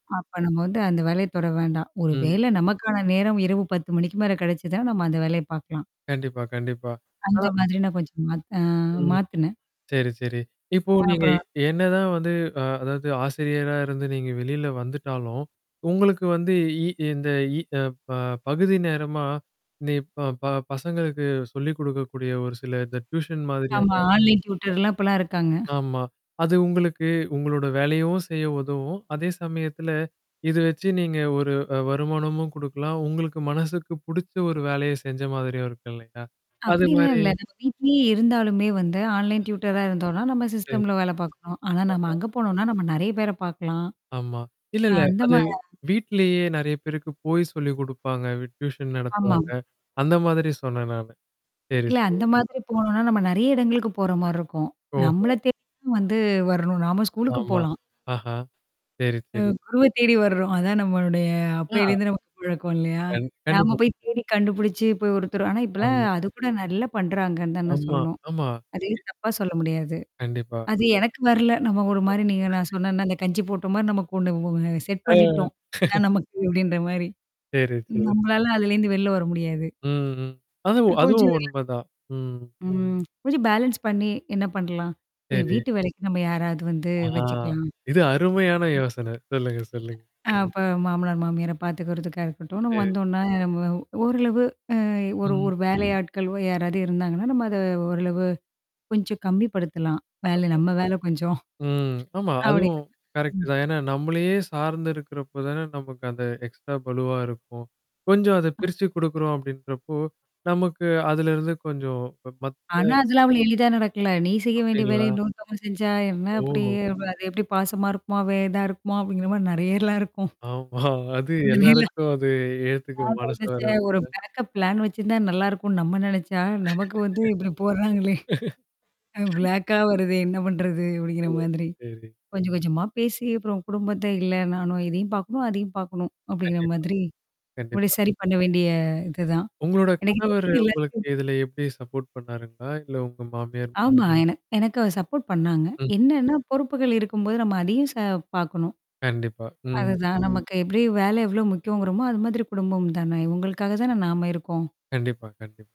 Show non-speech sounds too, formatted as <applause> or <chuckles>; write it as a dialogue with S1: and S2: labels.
S1: அப்ப நம்ம வந்து அந்த வேலைய தொட வேண்டாம். ஒரு
S2: ம்.
S1: வேல நமக்கான நேரம் இரவு 10:00 மணிக்கு மேல கிடைச்சுதா, நம்ம அந்த வேலைய பார்க்கலாம்.
S2: கண்டிப்பா, கண்டிப்பா.
S1: அந்த
S2: ஆனா
S1: மாதிரி நான் கொஞ்சம் மாத்து ஆ
S2: ம்.
S1: மாத்துனேன்.
S2: சரி, சரி. இப்போ
S1: அ
S2: நீங்க எ
S1: அப்பறோம்
S2: என்னதான் வந்து அ அதாவது ஆசிரியரா இருந்து நீங்க வெளில வந்துட்டாலும், உங்களுக்கு வந்து இ இந்த இ அ ப பகுதி நேரமா, நீ ப ப பசங்களுக்கு சொல்லி் குடுக்கக்கூடிய ஒரு சில இந்த டியூஷன்
S1: ஆமா.
S2: மாதிரியான
S1: ஆன்லைன் ட்யூடர்லாம் இப்பலாம் இருக்காங்க.
S2: ஆமா. அது உங்களுக்கு, உங்களோட வேலையும் செய்ய உதவும். அதே சமயத்தில, இத வச்சு நீங்க ஒரு அ வருமானமும் குடுக்கலாம். உங்களுக்கு மனசுக்கு புடிச்ச ஒரு வேலைய செஞ்ச மாதிரியும் இருக்கு இல்லயா!
S1: அப்பிடிலாம்
S2: அதுமாரி.
S1: இல்ல. நம்ம வீட்லயே இருந்தாலுமே வந்து ஆன்லைன் ட்யூடர்ரா இருந்தோன்னா, நம்ம
S2: சரி.
S1: சிஸ்டம்ல வேல பார்க்குறோம். ஆனா, நம்ம
S2: ஆமா.
S1: அங்க போனோனா, நம்ம நெறைய பேர பார்க்கலாம்.
S2: ஆமா. இல்ல,
S1: அ
S2: இல்ல. அது
S1: அந்தமாரியா, தான்.
S2: வீட்லயே நெறைய பேருக்கு போய் சொல்லி குடுப்பாங்க. வி டியூஷன்
S1: ஆமா.
S2: நடத்துவாங்க. அந்த மாதிரி சொன்னேன் நானு. சரி,
S1: இல்ல.
S2: சரி.
S1: அந்த மாதிரி போணோன்னா, நம்ம நெறைய இடங்களுக்கு போறமாரி இருக்கும். நம்மள
S2: ஓஹோ!
S1: தேடி வந்து வரணும். நாம ஸ்கூலுக்கு
S2: ஆமா.
S1: போலாம்.
S2: ஆஹா! சரி,
S1: அ
S2: சரி.
S1: குருவ தேடி வர்றோம். அதான் நம்மளுடைய
S2: ஆ.
S1: அப்பேலருந்து நமக்கு பழக்கம் இல்லயா!
S2: கண்
S1: நாம
S2: கண்டிப்பா.
S1: போய் தேடி கண்டுபிடிச்சு போய் ஒருத்தரும் ஆனா இப்பலாம்
S2: ஆமா.
S1: அது கூட நல்லா பண்றாங்கன்னு தான் நான்
S2: ஆமா,
S1: சொல்லணும்.
S2: ஆமா.
S1: அதையும் தப்பா சொல்ல முடியாது.
S2: கண்டிப்பா.
S1: அது எனக்கு வரல. நம்ம ஒருமாரி நீங்க நான் சொன்னன்னா, அந்த கஞ்சி போட்டமாரி நமக்கு ஒண்ணு வ அ செட்
S2: ஆ.
S1: பண்ணிட்டோம்.
S2: <chuckles>
S1: இதான் நமக்கு அப்பிடின்ற மாரி.
S2: சரி, சரி.
S1: நம்மளால அதுலேருந்து வெளில வர முடியாது.
S2: ம்ஹ்ம்.
S1: அ
S2: அதுவும்
S1: கொஞ்ச
S2: அதுவும் உண்ம தான். ம்.
S1: ம். <lip trill> கொஞ்சம் பேலன்ஸ் பண்ணி என்ன பண்ணலாம்? சரி
S2: சரி.
S1: வீட்டு வேலைக்கு நம்ம யாராவது வந்து
S2: ஆ.
S1: வச்சுக்கலாம்? ம்.
S2: இது அருமையான யோசனை. சொல்லுங்க, சொல்லுங்க.
S1: அப்ப மாமனார், மாமியார பாத்துக்கிறதுக்கா இருக்கட்டும். நம்ம
S2: சரி.
S1: வந்தோன்னா நம்ம ஓரளவு அ ஒரு
S2: ம்.
S1: ஒரு வேலை ஆட்கள் யாராவது இருந்தாங்கன்னா, நம்ம அத ஓரளவு, கொஞ்சம் கம்மிப்படுத்தலாம். வேல
S2: ஆமா.
S1: நம்ம வேல கொஞ்சம்.
S2: ம். ஆமா. அதுவும்
S1: அப்பிடிங்கிற மாரி,
S2: கரெக்ட்
S1: ம்.
S2: தான். ஏன்னா நம்மளையே சார்ந்து இருக்கிறப்ப தானே நமக்கு அந்த எக்ஸ்ட்ரா பளுவா இருக்கும். கொஞ்சம் அத
S1: அ.
S2: பிரிச்சி குடுக்குறோம் அப்பிடின்றப்போ, நமக்கு அதுலருந்து கொஞ்சம் ம
S1: ஆனா,
S2: மத்த
S1: அதெல்லாம் அவ்ளோ எளிதா நடக்கல. நீ செய்ய வேண்டிய வேலைய
S2: அப்பிடிங்களா?
S1: இன்னொருதவங்க செஞ்சா, என்ன அப்பிடி
S2: ஓஹோ!
S1: அது எப்பிடி பாசமா இருக்குமா! வேதா இருக்குமா! அப்பிடிங்கிற மாரி நெறையலாம் இருக்கும். <chuckles>
S2: ஆமா. <chuckles> அது
S1: அதுனால
S2: எல்லாருக்கும் அது ஏத்துக்க
S1: நான்
S2: மனசு
S1: நெனச்சேன் ஒரு
S2: வராதுல.
S1: பேக்கப் பிளான் வச்சிருந்தா நல்லாயிருக்குன்னு நம்ம நெனச்சா, நமக்கு வந்து இப்பிடி போட்றாங்களே!
S2: <laughs>
S1: பிளாக்கா வருதே என்ன பண்றது? அப்பிடிங்கிற
S2: <unintelligible>
S1: மாதிரி.
S2: சரி.
S1: கொஞ்சம், கொஞ்சமா பேசி அப்புறம் குடும்பத்த இல்ல நானும் இதையும் பார்க்கணும், அதையும் பார்க்கணும். அப்பிடிங்கிற
S2: கண்டிப்பா.
S1: மாதிரி. முடி
S2: கண்டிப்பா.
S1: சரி பண்ண வேண்டிய இதுதான்.
S2: உங்களோட
S1: எனக்கு
S2: கணவர்
S1: தெரிஞ்சு
S2: உங்களுக்கு
S1: எல்லாத்
S2: இதில எப்பிடி சப்போர்ட் பண்ணாருங்களா? இல்ல உங்க மாமியார்?
S1: ஆமா. எனக் எனக்கு சப்போர்ட் பண்ணாங்க.
S2: ம்.
S1: என்னன்னா பொறுப்புகள் இருக்கும்போது நம்ம அதையும் ச பார்க்கணும்.
S2: கண்டிப்பா. ம்.
S1: அதுதான் நமக்கு எப்பிடி வேலை எவ்ளோ முக்கியங்கிறோமோ! அது மாதிரி குடும்பம் தானே! இவுங்களுக்காக தானே நாம இருக்கோம்.
S2: கண்டிப்பா, கண்டிப்பா.